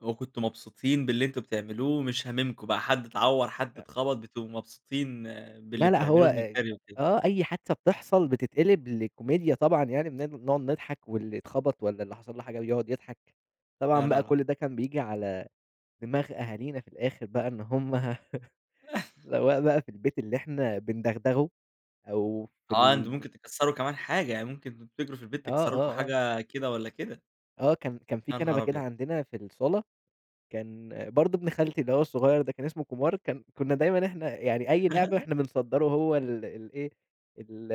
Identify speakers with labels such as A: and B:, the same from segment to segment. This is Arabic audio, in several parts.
A: وكنتم مبسوطين باللي أنتم بتعملوه ومش هامِمكم بقى حد اتعور، حد
B: أأ.
A: اتخبط بتبقوا مبسوطين باللي
B: لا لأ، هو
A: بتعملوه، من
B: إيه
A: الجري وكده.
B: آه أي حادثة بتحصل بتتقلب لكوميديا طبعًا يعني بن نقعد نضحك واللي اتخبط والَّا اللي حصل له حاجة يقعد يضحك،
A: لا
B: طبعًا
A: لا
B: بقى
A: لا.
B: كل ده كان بييجي على دماغ أهالينا في الآخر بقى إن هُم سواء بقى في البيت اللي إحنا بِندغدغه أو في
A: آه، أنتم
B: ال
A: ممكن تكسّروا كمان حاجة يعني، ممكن تِجروا في البيت
B: آه،
A: تكسّروا لكم
B: آه، آه.
A: حاجة كده والَّا كده.
B: آه، كان كان في
A: يا
B: كنبة
A: نهار
B: كده
A: أبيض.
B: عندنا في الصالة كان برضه ابن خالتي اللي هو الصغير ده كان إسمه كومار كان كُنا دايمًا إحنا يعني، أي لعبة إحنا بنصدّره هو ال الإيه ال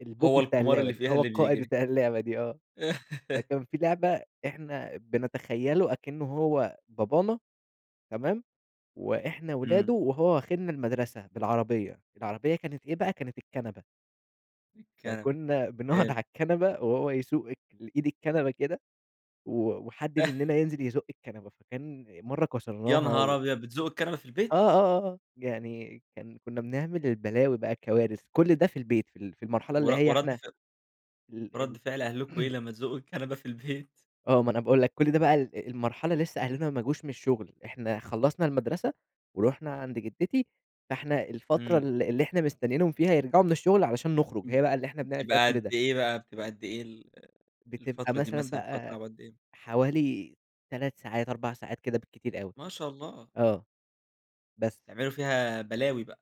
B: البوب
A: هو
B: بتاع
A: الكومار
B: اللعبة
A: اللي
B: دي،
A: فيها،
B: هو
A: اللي
B: القائد
A: بيجري.
B: بتاع اللعبة دي آه. فكان في لعبة إحنا بنتخيله أكنه هو بابانا تمام، وإحنا ولادُه
A: إمم.
B: وهو واخذنا المدرسة بالعربية، العربية كانت إيه بقى كانت الكنبة.
A: الكنبة،
B: فكُنا بنقعُد على
A: حلو.
B: الكنبة وهو يسوق اك الإيد الكنبة كده و وحد مننا ينزل يزُق الكنبة فكان مرّة
A: يا
B: كسرناها
A: نهار
B: و
A: أبيض بِتزقوّا الكنبة في
B: آه،
A: البيت؟
B: آه، آه يعني كان كُنا بنعمل البلاوي بقى الكوارث كل ده في البيت في ال في المرحلة
A: ور
B: اللي هي
A: ورد
B: إحنا
A: ف
B: ال
A: ورد فعل أهلكم إيه
B: ال
A: لمّا تزقوّا الكنبة في البيت؟
B: آه، ما أنا باقول لَك كل ده بقى ال المرحلة لسه أهلنا ما جوش من الشُغل إحنا خلصّنا المدرسة ورُحنا عند جدتي فإحنا الفترة
A: إمم.
B: اللي إحنا مستنينهم فيها يرجعوا من الشغل علشان نخرُج.
A: إمم
B: هي بقى اللي إحنا
A: امم،
B: بنعمل فيها
A: بتبقى
B: كل
A: قد
B: ده.
A: إيه بقى بتبقى أد إيه ال
B: بتبقى
A: الفترة دي
B: مثلًا
A: مثلًا، بتقعدوا
B: بقى،
A: تلعبوا قد إيه؟
B: حوالي 3 ساعات 4 ساعات كده، بالكتير أوي
A: ما شاء الله.
B: آه. بس.
A: بتعملوا فيها بلاوي بقى.